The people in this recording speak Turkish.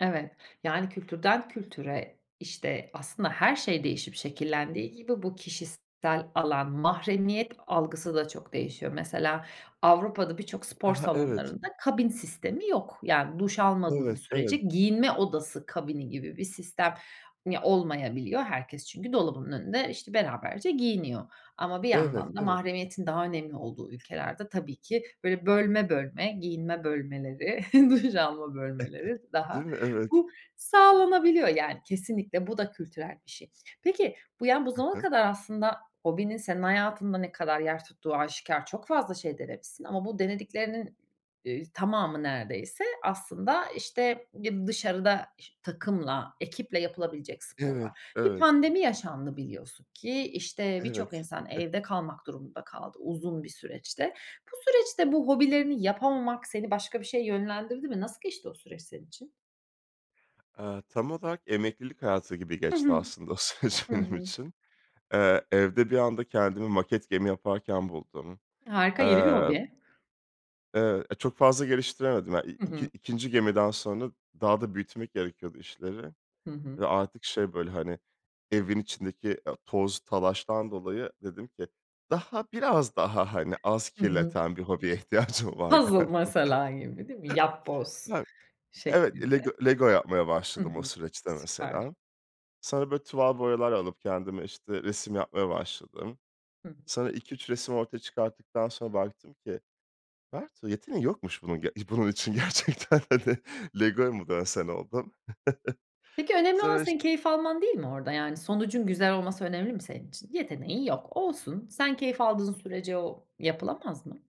Evet, yani kültürden kültüre işte aslında her şey değişip şekillendiği gibi bu kişisel alan mahremiyet algısı da çok değişiyor. Mesela Avrupa'da birçok Ha spor ha evet. salonlarında kabin sistemi yok. Yani duş almadığı Evet sürece evet. giyinme odası kabini gibi bir sistem mi olmayabiliyor. Herkes çünkü dolabının önünde işte beraberce giyiniyor. Ama bir Evet yandan da evet. mahremiyetin daha önemli olduğu ülkelerde, tabii ki böyle bölme bölme, giyinme bölmeleri, duş alma bölmeleri daha Değil mi? Evet. bu sağlanabiliyor yani kesinlikle. Bu da kültürel bir şey. Peki bu yani bu Hı zamana hı. kadar aslında hobinin senin hayatında ne kadar yer tuttuğu aşikâr çok fazla şey denemişsin ama bu denediklerinin, eee, tamamı neredeyse aslında işte bir dışarıda ş takımla, ekiple yapılabilecek Evet sporlar. Bir evet. pandemi yaşandı biliyorsun ki işte birçok Evet. insan evde kalmak durumunda kaldı uzun bir süreçte. Bu süreçte bu hobilerini yapamamak seni başka bir şeye yönlendirdi mi? Nasıl geçti o süreç senin için? Aaa tam olarak emeklilik hayatı gibi Hı geçti hı. aslında o süreç Hı benim hı. için. Eee, evde bir anda kendimi maket gemi yaparken buldum, Harika, yeni bir eee hobi. Eee, e çok fazla geliştiremedim hani. İ Hı iki hı. ikinci gemiden sonra daha da büyütmek gerekiyordu işleri Hı hı. ve artık şey böyle hani evin içindeki ya toz talaştan dolayı dedim ki daha biraz daha hani az Hı hı. kirleten bir hobiye ihtiyacım var Puzzle galiba. mesela gibi değil mi? Yapboz Yani. Evet, Lego şeklinde. Lego yapmaya Hı başladım o hı. süreçte Süper. mesela. Sonra böyle tuval boyalar alıp kendime işte resim yapmaya başladım. Hı. Sonra 2-3 resim ortaya çıkarttıktan sonra baktım ki, Bertuğ yeteneğin yokmuş bunun ge i bunun için gerçekten de Lego'ya mı dönsen oldum. Peki önemli olan Sonra iş senin keyif alman değil mi orada? Yani sonucun güzel olması önemli mi senin için? Yeteneğin yok. Olsun, sen keyif aldığın sürece o yapılamaz mı?